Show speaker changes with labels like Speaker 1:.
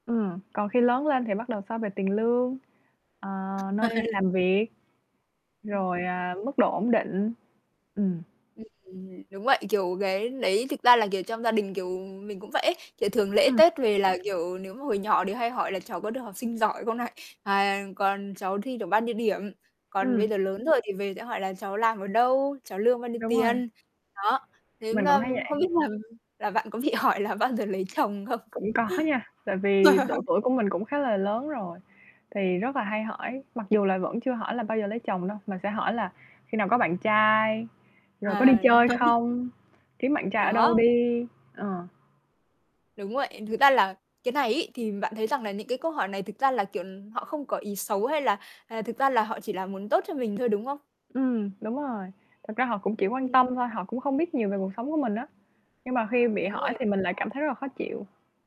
Speaker 1: Ừm. Còn khi lớn lên thì bắt đầu so về tiền lương, ờ, nơi làm việc.
Speaker 2: Ừm,
Speaker 1: Rồi,
Speaker 2: ừm.
Speaker 1: à, mức độ ổn định. Ừm.
Speaker 2: Ừm. Đúng vậy. Kiểu, cái đấy thực ra là, kiểu, trong gia đình, kiểu, mình cũng vậy ấy. Kiểu thường lễ
Speaker 1: Ừm.
Speaker 2: Tết về là, kiểu, nếu mà hồi nhỏ thì hay hỏi là cháu có được học sinh giỏi không này? À, còn cháu thi được bao nhiêu điểm? Còn bây
Speaker 1: Ừm.
Speaker 2: giờ lớn rồi thì về sẽ hỏi là cháu làm ở đâu, cháu lương bao nhiêu
Speaker 1: Đúng rồi.
Speaker 2: tiền? Đó, thế,
Speaker 1: Mình cũng
Speaker 2: à,
Speaker 1: thấy vậy.
Speaker 2: không biết là là bạn có bị hỏi là bao giờ lấy chồng không?
Speaker 1: Cũng có nha. Tại vì độ tuổi của mình cũng khá là lớn rồi, thì rất là hay hỏi, mặc dù là vẫn chưa hỏi là bao giờ lấy chồng đâu, mà sẽ hỏi là khi nào có bạn trai, rồi có đi
Speaker 2: Ờ.
Speaker 1: chơi không, kiếm bạn trai ở đâu
Speaker 2: Đó.
Speaker 1: đi. Ờ.
Speaker 2: Đúng vậy. Thực ra là cái này ấy, thì bạn thấy rằng là những cái câu hỏi này thực ra là, kiểu, họ không có ý xấu hay là, à, thực ra là họ chỉ là muốn tốt cho mình thôi, đúng không?
Speaker 1: Ừm, đúng rồi. Thực ra họ cũng chỉ quan
Speaker 2: Ừm.
Speaker 1: tâm thôi, họ cũng không biết nhiều về cuộc sống của mình á. Nhưng mà khi bị
Speaker 2: Đúng
Speaker 1: hỏi
Speaker 2: rồi.
Speaker 1: thì mình lại cảm thấy rất là khó chịu.